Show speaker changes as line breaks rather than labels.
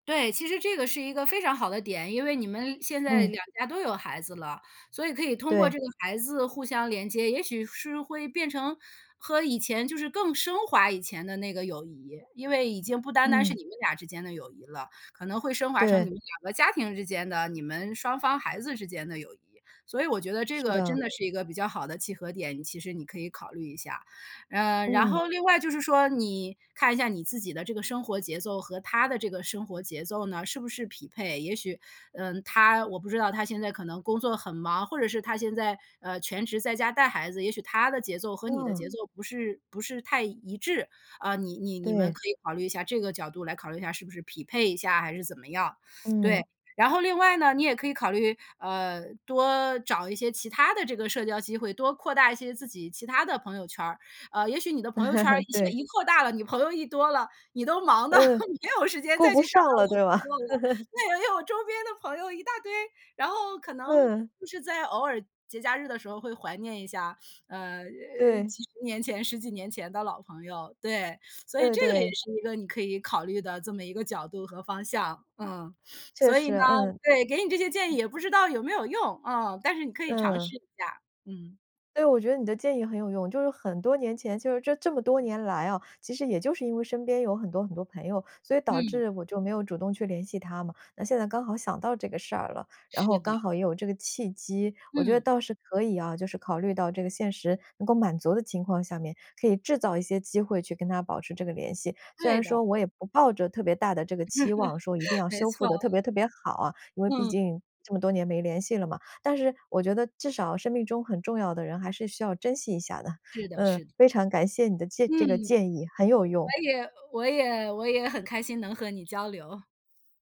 对，其实这个是一个非常好的点。因为你们现在
嗯。
两家都有孩子了，所以可以通过
对。
这个孩子互相连接，也许是会变成和以前就是更升华以前的那个友谊。因为已经不单单是
嗯。
你们俩之间的友谊了，可能会升华成
对。
你们两个家庭之间的，你们双方孩子之间的友谊。所以我觉得这
是
个真
的。
的是一个比较好的契合点，其实你可以考虑一下。呃，然
嗯。
后另外就是说，你看一下你自己的这个生活节奏，和她的这个生活节奏呢，是不是匹配？也许，嗯，她我不知道她现在可能工作很忙，或者是她现在，呃，全职在家带孩子，也许她的节奏和你的
哇。
节奏不是不是太一致。啊，你你你们
对。
可以考虑一下这个角度，来考虑一下，是不是匹配一下，还是怎么样。对，
嗯。
然后另外呢，你也可以考虑，呃，多找一些其它的这个社交机会，多扩大一些自己其它的朋友圈儿。呃，也许你的朋友圈儿 一些
对。
一扩大了，你朋友一多了，你都忙得
嗯，
没有时间
顾
再去
不
想
上了
到
对吧？
那也有周边的朋友一大堆，然后可能
嗯。
就是在偶尔节假日的时候，会怀念一下，呃，诶，
对。
几十年前10几年前的老朋友。对，所以
对
这个也
对。
是一个，你可以考虑的这么一个角度和方向。嗯，
确
所以
实，
呢，
嗯，
对，给你这些建议
嗯。
也不知道有没有用，啊，但是你可以尝
嗯。
试一下，嗯。
对，我觉得你的建议很有用。就是很多年前，就是这这么多年来啊，其实也就是因为身边有很多很多朋友，所以导
嗯。
致我就没有主动去联系她嘛。那现在刚好想到这个事儿了，然
是
后
的。
刚好也有这个契机，我觉得
嗯。
倒是可以啊，就是考虑到这个现实能够满足的情况下面，可以制造一些机会去跟她保持这个联系。虽
对
然
的。
说我也不抱着特别大的这个期望，说一定 要
没
修
错。
复得特别特别好啊。因为毕
嗯。
竟这么多年没联系了嘛，但是我觉得，至少生命中很重要的人，还是需要珍惜一下的。
是的，
嗯，
是。
非常感谢你的建
嗯。
这个建议，很有用。
我也呃，我也我也很开心能和你交流。